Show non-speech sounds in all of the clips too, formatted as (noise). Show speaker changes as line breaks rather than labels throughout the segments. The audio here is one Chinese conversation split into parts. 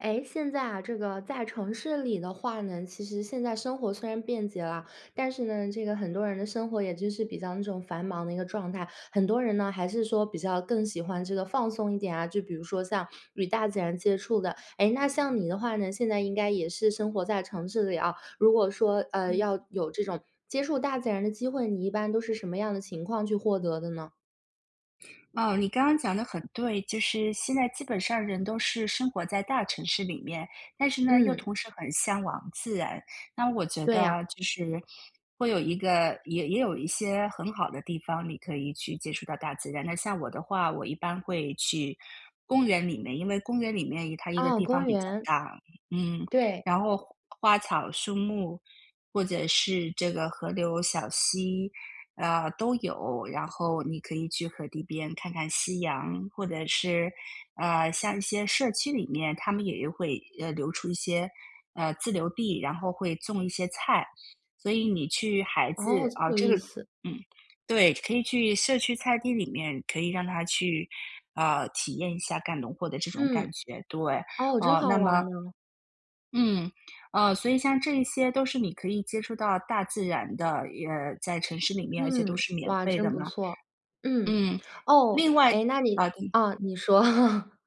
哎，现在啊，这个在城市里的话呢，其实现在生活虽然便捷了，但是呢，这个很多人的生活也就是比较那种繁忙的一个状态。很多人呢，还是说比较更喜欢这个放松一点啊，就比如说像与大自然接触的。诶，那像你的话呢，现在应该也是生活在城市里啊，如果说，呃，
嗯。
要有这种接触大自然的机会，你一般都是什么样的情况去获得的呢？
哦，你刚刚讲得很对，就是现在基本上人都是生活在大城市里面，但是呢，又
嗯。
同时很向往自然。那我觉
对
得
呀。
啊，就是会有一个也也有一些很好的地方，你可以去接触到大自然。那像我的话，我一般会去公园里面，因为公园里面一它一个
哦，
地方
公
比较
园。
大。嗯，
对。
然后花花草树木或者是这个河流小溪，啊，都有，然后你可以去河堤边看看夕阳或者是，呃，像一些社区里面，它们也有会，呃，流出一些，呃，自留地，然后会种一些菜。所以你去孩
哦，
子，
这么
啊，
有
这个
意思。
嗯，对，可以去社区菜地里面可以让他去，啊，体验一下干农活的这种感
嗯，
觉，对，
哦，真
啊，
好
那
玩
么
儿呢。
嗯，哦，所以像这一些都是你可以接触到大自然的，也在城市里面，而且都
嗯。
是免
哇，
费的
真不
嘛。
错。嗯，
嗯，
哦，
另外
诶，那你
啊嗯
哦，你说。(chuckles)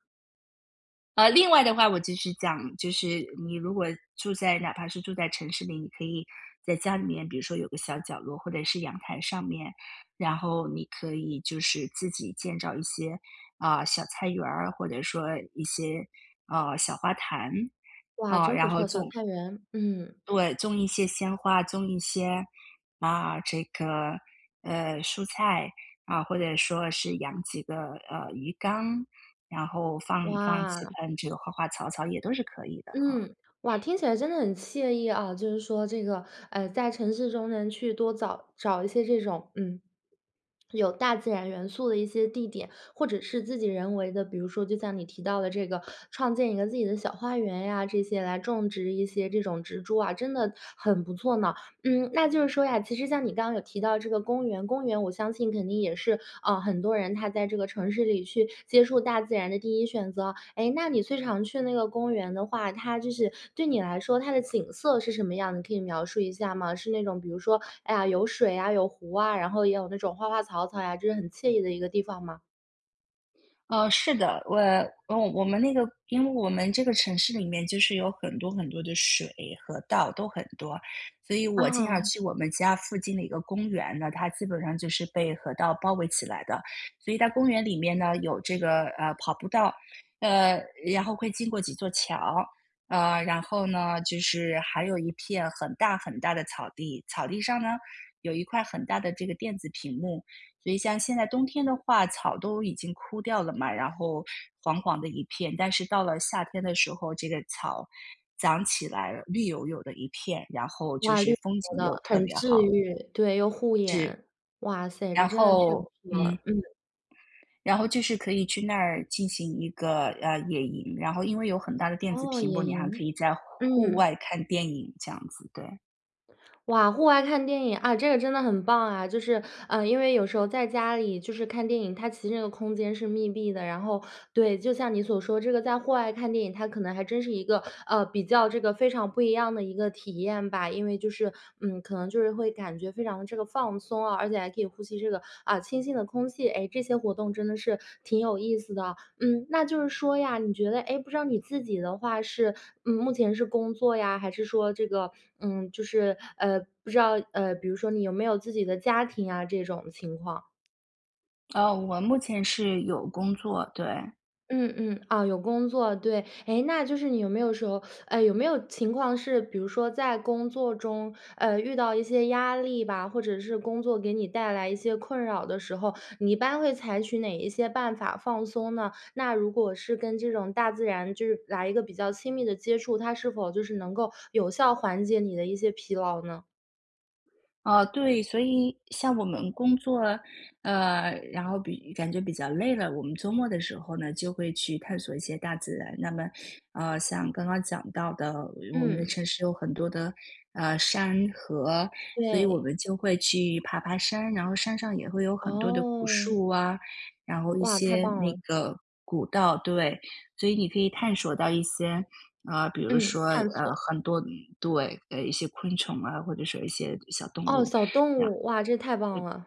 呃，另外的话我就是讲，就是你如果住在哪怕是住在城市里，你可以在家里面，比如说有个小角落或者是阳台上面，然后你可以就是自己建造一些，啊，小菜园儿，或者说一些，啊，小花坛。
哇，
啊，
真不
然后
错，小
就
菜园。嗯。
对，种一些鲜花，种一些，啊，这个，呃，蔬菜，啊，或者说是养几个，呃，鱼缸，然后放放几
哇。
盆这个花花草草也都是可以的，
嗯，哇，
啊。
听起来真的很惬意啊，就是说这个，呃，在城市中能去多早找一些这种，嗯，有大自然元素的一些地点，或者是自己人为的，比如说就像你提到的这个，创建一个自己的小花园呀，这些来种植一些这种植株啊，真的很不错呢。嗯，那就是说呀，其实像你刚刚有提到这个公园，公园我相信肯定也是，啊，很多人他在这个城市里去接触大自然的第一选择啊。诶，那你最常去那个公园的话，它就是对你来说它的景色是什么样的可以描述一下吗？是那种比如说，哎呀，有水啊、有湖啊，然后也有那种花花草草呀，这是很惬意的一个地方吗？
呃，是的。我嗯，我们那个因为我们这个城市里面就是有很多很多的水、河道，都很多。所以我经常
啊。
去我们家附近的一个公园，那它基本上就是被河道包围起来的。所以在公园里面呢有这个，呃，跑步道，呃，然后会经过几座桥。啊，然后呢，就是还有一片很大很大的草地，草地上呢，有一块很大的这个电子屏幕。所以像现在冬天的话草都已经枯掉了嘛，然后黄黄的一片，但是到了夏天的时候，这个草长起来了，绿油油的一片，然后就
哇，绿
是
油
风
油
景
的，
又特
很
别
治
好。
愈。对，又护
是。
眼。哇塞，这
然
真的 (unintelligible)
后
不
嗯。
错，嗯。
然后就是可以去那儿进行一个，呃，野营。然后因为有很大的电子
哦，
屏幕，
野
你还可
营。
以在户户
嗯。
外看电影，这样子，对。
哇，户外看电影，啊，这个真的很棒啊，就是，呃，因为有时候在家里，就是看电影，它其实那个空间是密闭的。然后对，就像你所说这个在户外看电影，它可能还真是一个，呃，比较这个非常不一样的一个体验吧，因为就是嗯，可能就是会感觉非常的这个放松啊，而且还可以呼吸这个，啊，清新的空气。诶，这些活动真的是挺有意思的。嗯，那就是说呀，你觉得诶？不知道你自己的话是，嗯，目前是工作呀？还是说这个，嗯，就是，呃，不知道呃，比如说你有没有自己的家庭啊，这种情况？
哦，我目前是有工作，对。
嗯嗯，啊，有工作，对。诶，那就是你有没有说，(sucks teeth) 哎，有没有情况是比如说在工作中，呃，遇到一些压力吧，或者是工作给你带来一些困扰的时候，你一般会采取哪一些办法放松呢？那如果是跟这种大自然就是来一个比较亲密的接触，它是否就是能够有效缓解你的一些疲劳呢？
啊，对，所以像我们工作，呃，然后比感觉比较累了，我们周末的时候呢，就会去探索一些大自然。那么，呃，像刚刚讲到的，我们的
嗯。
城市有很多的，呃，山、河，所以我
对。
们就会去爬爬山，然后山上也会有很多的古
哦。
树啊，然后一
哇，太
些
棒
那
了。
个古道，对。所以你可以探索到一些，啊，比如
嗯，
说，
探
呃，
索。
很多对，一些昆虫啊，或者说一些小动
哦，
物
小动
那样。嗯，
物。哇，这太棒了！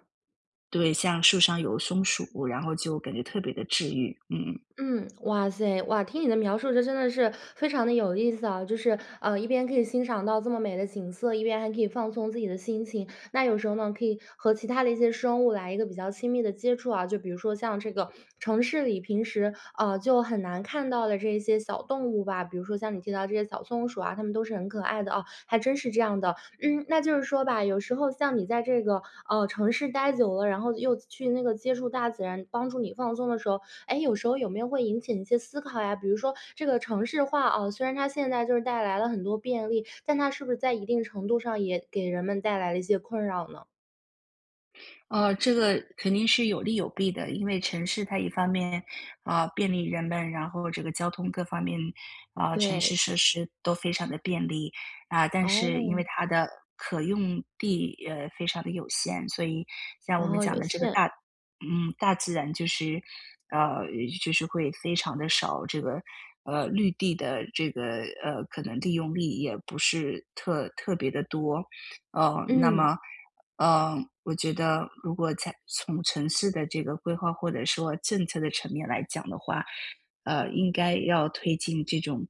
对，像树上有松鼠，然后就感觉特别地治愈，嗯。
嗯，哇噻。哇，听你的描述，这真的是，非常地有意思啊，就是，啊，一边可以欣赏到这么美的景色，一边还可以放松自己的心情。那有时候呢，可以和其他的一些生物来一个比较亲密的接触啊。就比如说像这个，城市里平时，啊，就很难看到的这些小动物吧，比如说像你提到的这些小松鼠啊，它们都是很可爱的哦，还真是这样的。嗯，那就是说吧，有时候像你在这个，哦，城市待久了，然后又去那个接触大自然帮助你放松的时候，诶，有时候有没有会引起一些思考呀？比如说这个城市化啊，虽然它现在就是带来了很多便利，但它是不是在一定程度上，也给人们带来了一些困扰呢？
呃，这个肯定是有利有弊的，因为城市它一方面，啊，便利人们，然后这个交通各方面，啊，城
对。
市设施都非常的便利。啊，但是因为
哦。
它的可用地，呃，非常地有限，所以像我们
哦，
讲
有
的这个
限。
大嗯，大自然就是呃，就是会非常地少这个，呃，绿地的这个呃，可能利用率也不是特特别地多。呃，那
嗯。
么，呃，我觉得如果在从城市的这个规划或者说政策的层面来讲的话，呃，应该要推进这种，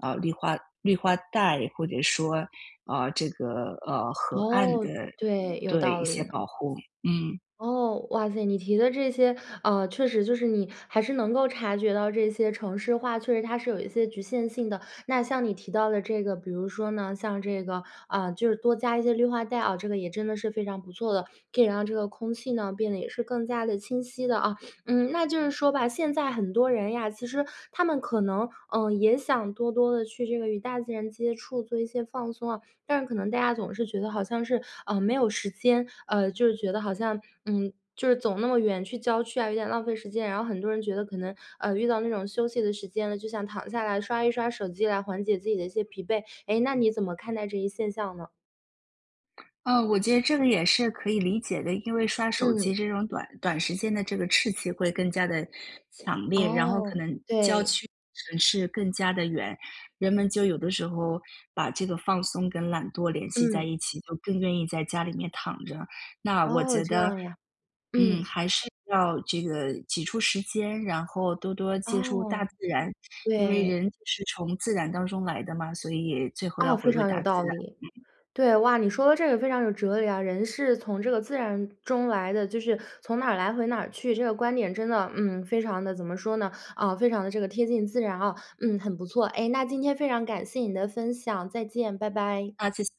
呃，绿化绿化带或者说，呃，这个，呃，河岸
哦，
的嗯，
对，有
对一
道
些
理呢。
保护，嗯。
哦，哇塞，你提的这些，啊，确实就是你还是能够察觉到这些城市化，确实它是有一些局限性的。那像你提到的这个，比如说呢，像这个啊，就是多加一些绿化带啊，这个也真的是非常不错的，可以让这个空气呢，变得也是更加地清晰了啊。嗯，那就是说吧，现在很多人呀，其实他们可能，呃，也想多多地去这个与大自然接触，做一些放松啊，但是可能大家总是觉得好像是，呃，没有时间，呃，就觉得好像嗯，就是走那么远去郊区啊，有点浪费时间。然后很多人觉得可能，呃，遇到那种休息的时间了，就想躺下来刷一刷手机，来缓解自己的一些疲惫。哎，那你怎么看待这一现象呢？
啊，我觉得这个也是可以理解的，因为刷手
嗯。
机这种短短时间的这个刺激会更加地强烈，然后可
哦，
能郊
对。
区城市更加地远，人们就有的时候，把这个放松跟懒惰联系在
嗯。
一起，就更愿意在家里面躺着。那我
哦，
觉
这
得，
样呀，
嗯，
嗯。
还是要这个挤出时间，然后多多接触大
哦，
自然，因为
对。
人就是从自然当中来的嘛，所以最后
哦，
要
非
回归
常有
大自
道
然。
理。
嗯。
对，哇，你说的这个非常有哲理啊，人是从这个自然中来的，就是从哪儿来回哪儿去，这个观点真的，嗯，非常地怎么说呢，啊，非常地这个贴近自然啊。嗯，很不错，哎，那今天非常感谢你的分享，再见，拜拜。
啊，谢谢。